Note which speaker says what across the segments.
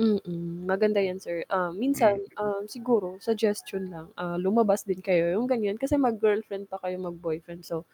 Speaker 1: Mm, maganda 'yan sir. Ah, minsan,
Speaker 2: Mm.
Speaker 1: um, siguro suggestion lang, ah, lumabas din kayo yung gan'yan. Kasi mag-girlfriend pa kayo, mag-boyfriend so,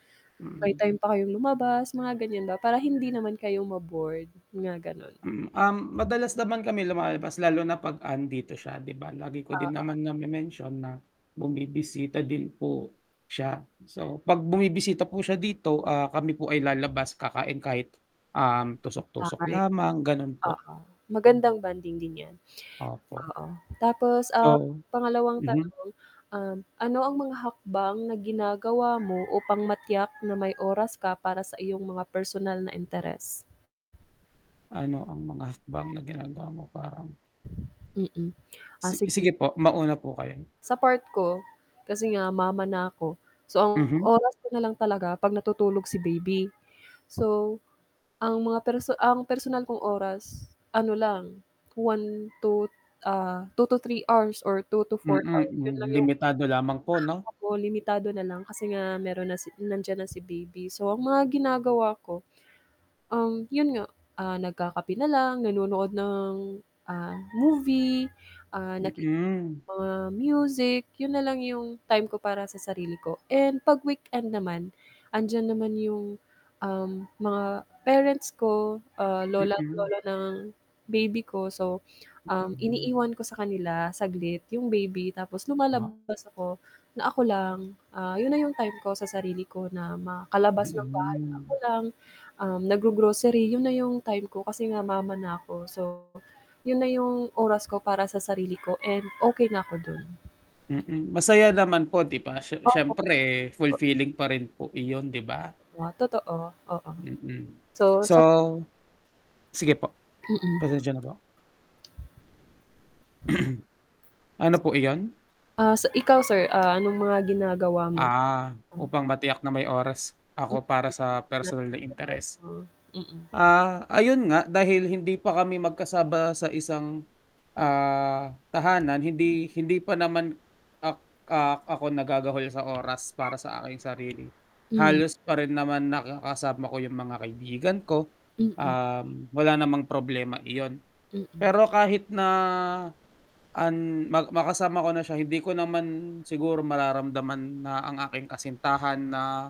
Speaker 1: may
Speaker 2: Mm.
Speaker 1: time pa kayong lumabas, mga ganyan ba, para hindi naman kayo ma-bored, mga gano'n.
Speaker 2: Mm, um, madalas naman kami lumalabas lalo na 'pag 'andito siya 'di ba, lagi ko din
Speaker 1: Oo.
Speaker 2: naman name-mention na bumibisita din po siya. So, 'pag bumibisita po siya dito, ah, kami po ay lalabas, kakain kahit, um, tusok-tusok lamang, gano'n
Speaker 1: [unintelligible]
Speaker 2: po.
Speaker 1: Oo, magandang bonding din 'yan.
Speaker 2: Opo.
Speaker 1: Oo, tapos, ah,
Speaker 2: So
Speaker 1: pangalawang
Speaker 2: mhm.
Speaker 1: tanong, um, ano ang mga hakbang na ginagawa mo upang matiyak na may oras ka para sa iyong mga personal na interes?
Speaker 2: Ano ang mga hakbang na ginagawa mo parang
Speaker 1: Mm. Ah,
Speaker 2: Si
Speaker 1: sige.
Speaker 2: sige po mauna po kayo.
Speaker 1: Sa part ko, kasi nga mama na 'ko, so ang
Speaker 2: Mhm.
Speaker 1: oras ko na lang talaga 'pag natutulog si baby. So, ang mga perso ang personal kong oras, ano lang 1 to ah, 2 to 3 hours or 2 to
Speaker 2: Mm,
Speaker 1: 4 hours, 'yun lang
Speaker 2: hmm,
Speaker 1: yung
Speaker 2: limitado lamang po 'no?
Speaker 1: [unintelligible] limitado na lang kasi nga mayro'n na si nandiyan na si baby. So, ang mga ginagawa ko, um, 'yun nga, ah, nagkakape na lang, nanonood ng, ah, movie, ah, nakikinig
Speaker 2: Mm.
Speaker 1: ng mga music. 'Yun na lang yung time ko para sa sarili ko. And 'pag weekend naman, 'andiyan naman 'yung, um, mga parents ko, ah, lola at
Speaker 2: Mm.
Speaker 1: lolo ng baby ko so, um,
Speaker 2: Hmm.
Speaker 1: iniiwan ko sa kanila saglit yung baby tapos
Speaker 2: Ah.
Speaker 1: lumalabas ako, na ako lang, ah, 'yun na yung time ko sa sarili ko na makalabas ng bahay na ako
Speaker 2: Mm.
Speaker 1: lang, um, naggro-grocery, 'yun na 'yung time ko kasi nga mama na ako. So, 'yun na 'yung oras ko para sa sarili ko and okey na 'ko do'n.
Speaker 2: Mm, masaya naman po 'di ba, sye siyempre fulfilling pa rin po iyon, 'di ba?
Speaker 1: What totoo? Oo.
Speaker 2: Mm.
Speaker 1: So
Speaker 2: So
Speaker 1: sap
Speaker 2: sige po,
Speaker 1: Mm.
Speaker 2: pasensya na po. Ano po iyon?
Speaker 1: Ah, si ikaw sir, ah, anong mga ginagawa mo?
Speaker 2: Ah.
Speaker 1: Hmm.
Speaker 2: Upang matiyak na may oras ako para sa personal na interes.
Speaker 1: Mm. [unintelligible] Mm.
Speaker 2: Ah, ayun nga, dahil hindi pa kami magkasama sa isang, ah, tahanan, hindi hindi pa naman ak ah, ako nagagahol sa oras para sa aking sarili.
Speaker 1: Hmm.
Speaker 2: Halos pa rin naman nakakasama ko yung mga kaibigan ko,
Speaker 1: Mm.
Speaker 2: um, wala namang problema iyon.
Speaker 1: Mm.
Speaker 2: Pero kahit na an ma makasama ko na siya hindi ko naman siguro mararamdaman na ang aking kasintahan na